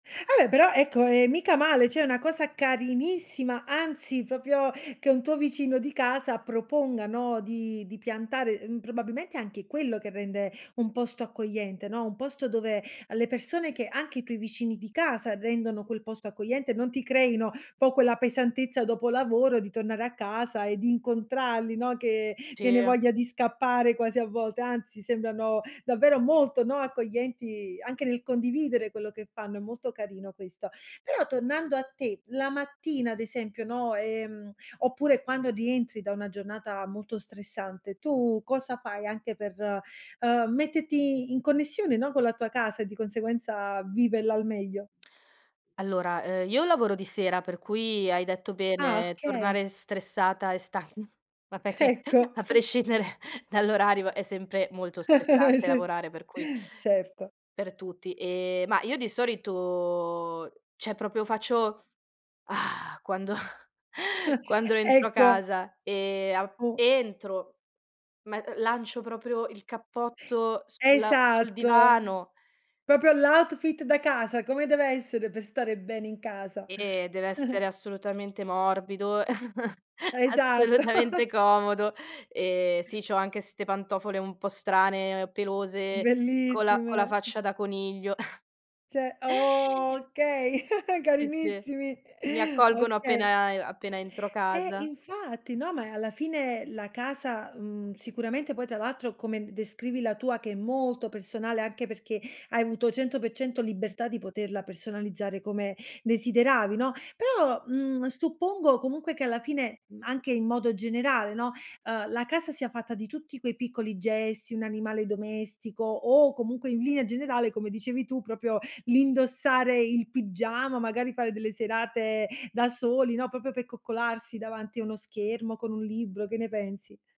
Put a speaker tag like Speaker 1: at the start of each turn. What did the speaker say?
Speaker 1: Vabbè però ecco, ehM, mica male, cioè è una cosa carinissima anzi, proprio che un tuo vicino di casa proponga, no, di di piantare mhmm, probabilmente anche quello che rende un posto accogliente, no, un posto dove alle persone che anche i tuoi vicini di casa rendono quel posto accogliente, non ti creino po' quella pesantezza dopo lavoro di tornare a casa e di incontrarli, no, che viene
Speaker 2: Sì.
Speaker 1: voglia di scappare quasi a volte, anzi sembrano davvero molto, no, accoglienti anche nel condividere quello che fanno, è molto carino questo. Però tornando a te, la mattina ad esempio, no, ehm, oppure quando rientri da una giornata molto stressante, tu cosa fai anche per, ehm, metterti in connessione, no, con la tua casa e di conseguenza viverla al meglio?
Speaker 2: Allora, ehm, io lavoro di sera per cui hai detto
Speaker 1: Ah,
Speaker 2: bene,
Speaker 1: okay.
Speaker 2: tornare stressata e stan ma perché
Speaker 1: Ecco.
Speaker 2: a prescindere dall'orario è sempre molto stressante
Speaker 1: Sì.
Speaker 2: lavorare, per cui
Speaker 1: Certo.
Speaker 2: per tutti. Ehm, ma io di solito cioè proprio faccio: "Ah!" Quando quando rientro
Speaker 1: Ecco.
Speaker 2: casa e a
Speaker 1: O
Speaker 2: entro, me uhm, lancio proprio il cappotto sul sul
Speaker 1: Esatto.
Speaker 2: divano
Speaker 1: Proprio l' outfit da casa, come deve essere per stare bene in casa.
Speaker 2: Eh, dev'essere assolutamente morbido,
Speaker 1: Esatto.
Speaker 2: assolutamente comodo. Ehm, sì, c'ho anche ste pantofole un po' strane, pelose co la con la
Speaker 1: Bellissime.
Speaker 2: faccia da coniglio.
Speaker 1: Cioè okay,
Speaker 2: Sì, sì.
Speaker 1: carinissimi.
Speaker 2: Mi accolgono
Speaker 1: Okay.
Speaker 2: appena e a e appena entro
Speaker 1: Eh,
Speaker 2: casa.
Speaker 1: infatti, no, ma eh, alla fine la casa, mhmm, sicuramente poi tra l'altro, come d descrivi la tua che è molto personale, anche perché hai avuto 100% libertà di poterla personalizzare come desideravi, no, però, mhmm, suppongo comunque che alla fine, mhmm, anche in modo generale, no, uhm, la casa sia fatta di tutti quei piccoli gesti, un animale domestico o comunque in linea generale, come dicevi tu, proprio l'indossare il pigiama, magari fare delle serate da soli, no, proprio per coccolarsi davanti a uno schermo con un libro, che ne pensi?